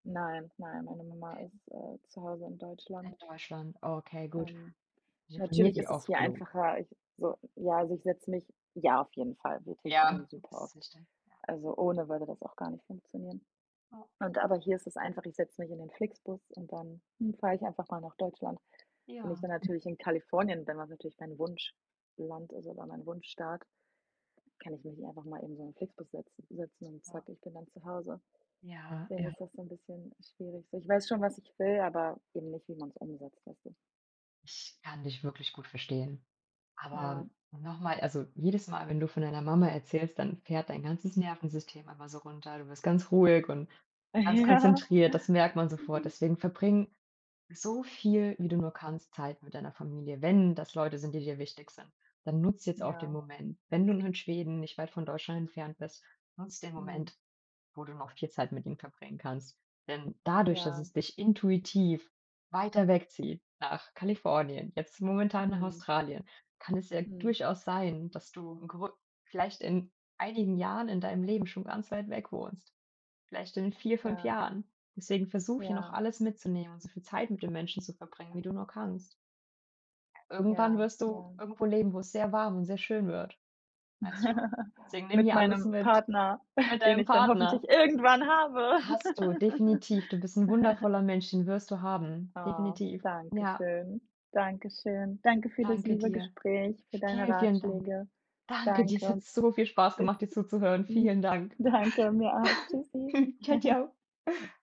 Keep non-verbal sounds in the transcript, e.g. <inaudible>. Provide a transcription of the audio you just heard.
Nein, nein, meine Mama Ähm ist, äh, zu Hause in Deutschland. In Deutschland, okay, gut. Ähm, Telefoniert natürlich ihr ist es oft hier genug. einfacher ich so ja, also, ich setze mich ja, auf jeden Fall. Wir telefonieren Ja. Das super ist oft. wichtig. Ja. Also, ohne würde das auch gar nicht funktionieren. Ja. Und aber hier ist es einfach, ich setze mich in den FlixBus und dann, hm, fahre ich einfach mal nach Deutschland. Wenn ich Ja, dann mhm. natürlich in Kalifornien bin, was natürlich mein Wunschland ist oder mein Wunschstaat, kann ich mich nicht einfach mal eben so in FlixBus setzen setzen und Ja. „zack, ich bin dann zu Hause“. Ja, Dann ja. wird das so 'n bisschen schwierig so. Ich weiß schon, was ich will, aber eben nicht, wie man's umsetzt, weißt du? Ich kann dich wirklich gut verstehen. Aber Ja. und noch mal, also, jedes Mal, wenn du von deiner Mama erzählst, dann fährt dein ganzes Nervensystem immer so runter. Du wirst ganz ruhig und ganz Ja. konzentriert, das merkt man sofort. <giggles> Deswegen verbringe so viel, wie du nur kannst, Zeit mit deiner Familie. Wenn das Leute sind, die dir wichtig sind, dann nutz jetzt auch den Ja. Moment. Wenn du nun in Schweden nicht weit von Deutschland entfernt bist, nutz den Mhm. Moment, wo du noch viel Zeit mit ihnen bringen kannst. Denn dadurch, dass Ja. es dich intuitiv weiter wegzieht nach Kalifornien, jetzt momentan nach Mhm. Australien, kann es ja Mhm. durchaus sein, dass du <unintelligible> vielleicht in einigen Jahren in deinem Leben schon ganz weit weg wohnst. Vielleicht in 4, 5 Ja. Jahren. Deswegen versuch hier noch Ja. alles mitzunehmen und so viel Zeit mit den Menschen zu verbringen, wie du nur kannst. Irgendwann Ja, wirst du ja. irgendwo leben, wo es sehr warm und sehr schön wird. Weißt du? <giggles> Deswegen nimm Mit hier alles meinem mit Partner, mit <snorts> den deinem ich dann hoffentlich Partner. irgendwann habe. Hast du, definitiv. Du bist 'n <giggles> wundervoller Mensch, den wirst du haben. Oh, Definitiv. danke Ja. schön. Danke schön. Danke für das Danke liebe dir. Gespräch, für deine Vielen, vielen Dank. Ratschläge. Danke dir. Es hat Danke. so viel Spaß Bis gemacht, dir zuzuhören. hm Vielen Dank. Danke, mir auch. Tschüssi. <giggles> Tschau, <giggles> tschau.